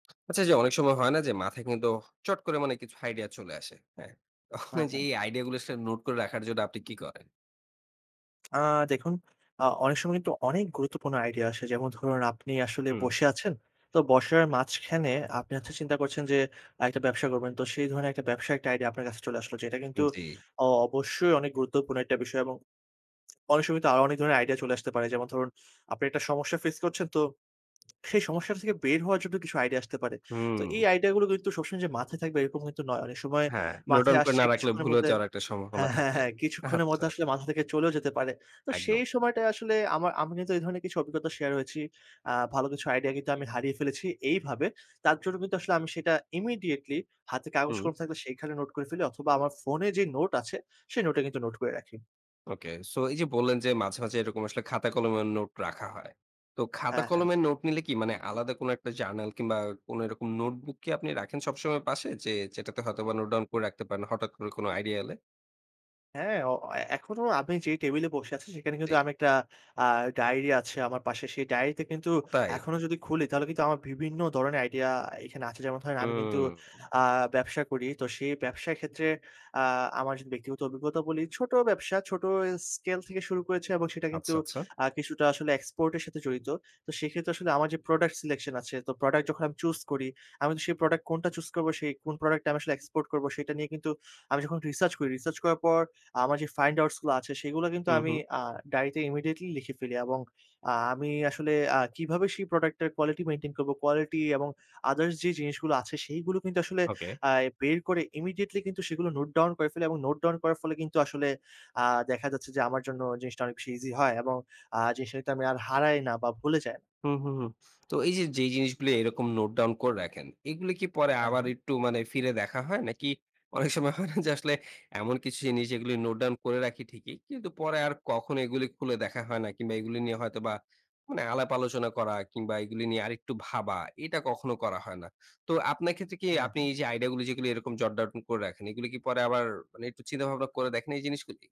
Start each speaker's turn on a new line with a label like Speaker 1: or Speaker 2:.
Speaker 1: আচ্ছা যে অনেক সময় হয় না যে মাথায় কিন্তু চট করে মানে কিছু আইডিয়া চলে আসে। হ্যাঁ? তখন
Speaker 2: হ্যাঁ,
Speaker 1: এই যে
Speaker 2: হ্যাঁ।
Speaker 1: এই আইডিয়াগুলো আসলে নোট করে রাখার জন্য আপনি কী করেন?
Speaker 2: আ দেখুন অ অনেক সময় কিন্তু অনেক গুরুত্বপূর্ণ আইডিয়া আসে। যেমন ধরুন আপনি আসলে
Speaker 1: হুম।
Speaker 2: বসে আছেন। তো বসার মাঝখানে আপনি হচ্ছে চিন্তা করছেন যে, একটা ব্যবসা করবেন তো সেই ধরনের একটা ব্যবসার একটা আইডিয়া আপনার কাছে চলে আসলো। যেটা
Speaker 1: উম
Speaker 2: কিন্তু
Speaker 1: জি।
Speaker 2: অ অবশ্যই অনেক গুরুত্বপূর্ণ একটা বিষয় এবং অনেক সময় তো আরো অনেক ধরনের আইডিয়া চলে আসতে পারে। যেমন ধরুন আপনি একটা সমস্যা ফেস করছেন তো সেই সমস্যাটা থেকে বের হওয়ার জন্য কিছু আইডিয়া আসতে পারে। তো এই
Speaker 1: হুম।
Speaker 2: আইডিয়াগুলো কিন্তু সবসময় যে মাথায় থাকবে এরকম কিন্তু নয়। অনেক সময়
Speaker 1: হ্যাঁ, নোট
Speaker 2: মাথায়
Speaker 1: ডাউন করে
Speaker 2: আসছে
Speaker 1: না রাখলে
Speaker 2: কিছুক্ষণের
Speaker 1: ভুলে
Speaker 2: মধ্যে
Speaker 1: যাওয়ার একটা সম্ভাবনা
Speaker 2: হ্যাঁ, হ্যাঁ,
Speaker 1: থাকে
Speaker 2: হ্যাঁ, কিছুক্ষণের
Speaker 1: আচ্ছা।
Speaker 2: মধ্যে আসলে মাথা থেকে চলেও যেতে পারে। তো
Speaker 1: একদম।
Speaker 2: সেই সময়টায় আসলে আমার আমি কিন্তু এই ধরনের কিছু অভিজ্ঞতা শেয়ার হয়েছি। আ ভালো কিছু আইডিয়া কিন্তু আমি হারিয়ে ফেলেছি এইভাবে। তার জন্য কিন্তু আসলে আমি সেটা ইমিডিয়েটলি হাতে কাগজ
Speaker 1: হুম।
Speaker 2: কলম থাকলে সেখানে নোট করে ফেলি। অথবা আমার ফোনে যে নোট আছে সেই নোটে কিন্তু নোট করে রাখি।
Speaker 1: ওকে, সো এই যে বললেন যে মাঝে, মাঝে, এরকম আসলে খাতা কলমের নোট রাখা হয়। তো খাতা
Speaker 2: হ্যাঁ, হ্যাঁ।
Speaker 1: কলমের নোট নিলে কি মানে আলাদা কোন একটা জার্নাল কিংবা কোন এরকম নোটবুক কি আপনি রাখেন সবসময় পাশে। যে যেটাতে হয়তোবা নোট ডাউন করে রাখতে পারেন হঠাৎ করে কোনো আইডিয়া এলে?
Speaker 2: হ্যাঁ অ এখনো আপনি যে টেবিলে বসে আছি, সেখানে কিন্তু
Speaker 1: জি
Speaker 2: আমি একটা আ ডায়েরি আছে আমার পাশে। সেই ডায়েরিতে কিন্তু
Speaker 1: ও তাই?
Speaker 2: এখনো যদি খুলি তাহলে কিন্তু আমার বিভিন্ন ধরনের আইডিয়া এখানে আছে। যেমন ধরেন আমি কিন্তু
Speaker 1: ওম।
Speaker 2: আ ব্যবসা করি। তো সেই ব্যবসার ক্ষেত্রে আ আমার যদি ব্যক্তিগত অভিজ্ঞতা বলি। ছোট ব্যবসা, ছোট এ স্কেল থেকে শুরু করেছি এবং সেটা কিন্তু
Speaker 1: আচ্ছা, আচ্ছা।
Speaker 2: আ কিছুটা আসলে এক্সপোর্টের সাথে জড়িত। তো সেক্ষেত্রে আসলে আমার যে প্রোডাক্ট সিলেকশন আছে। তো প্রোডাক্ট যখন আমি চুস করি, আমি কিন্তু সেই প্রোডাক্ট কোনটা চুস করবো সেই কোন প্রোডাক্ট টা আমি আসলে এক্সপোর্ট করব সেটা নিয়ে কিন্তু আমি যখন রিসার্চ করি। রিসার্চ করার পর আমার যে ফাইন্ড আউটসগুলো আছে সেগুলা কিন্তু
Speaker 1: হু,
Speaker 2: আমি
Speaker 1: হু।
Speaker 2: আ ডায়রিতে ইমিডিয়েটলি লিখে ফেলি। এবং আ আমি আসলে আ কিভাবে সেই প্রোডাক্টটার কোয়ালিটি মেইনটেইন করব, কোয়ালিটি এবং আদারস যে জিনিসগুলো আছে সেইগুলো কিন্তু আসলে
Speaker 1: ওকে।
Speaker 2: আ বের করে ইমিডিয়েটলি কিন্তু সেগুলো নোট ডাউন করে ফেলি এবং নোট ডাউন করার ফলে কিন্তু আসলে আ দেখা যাচ্ছে যে আমার জন্য জিনিসটা অনেক বেশি ইজি হয় এবং আ জিনিসটা কিন্তু আমি আর হারাই না বা ভুলে যাই
Speaker 1: হুম, হুম, হুম। তো এই যে যেই জিনিসগুলি এরকম নোট ডাউন করে রাখেন, এগুলো কি পরে
Speaker 2: হ্যাঁ,
Speaker 1: আবার
Speaker 2: হ্যাঁ।
Speaker 1: একটু মানে ফিরে দেখা হয় নাকি অনেক সময় হয় না যে আসলে এমন কিছু জিনিস যেগুলো নোট ডাউন করে রাখি ঠিকই। কিন্তু পরে আর কখনো এগুলো খুলে দেখা হয় না কিংবা এগুলো নিয়ে হয়তোবা মানে আলাপ আলোচনা করা কিংবা এগুলি নিয়ে আরেকটু ভাবা এটা কখনো করা হয় না। তো আপনার ক্ষেত্রে কি
Speaker 2: হ্যাঁ,
Speaker 1: আপনি
Speaker 2: হ্যাঁ।
Speaker 1: এই যে, আইডিয়াগুলি যেগুলি এরকম জট ডাউন করে রাখেন, এগুলো কি পরে আবার মানে একটু চিন্তাভাবনা করে দেখেন এই জিনিসগুলি?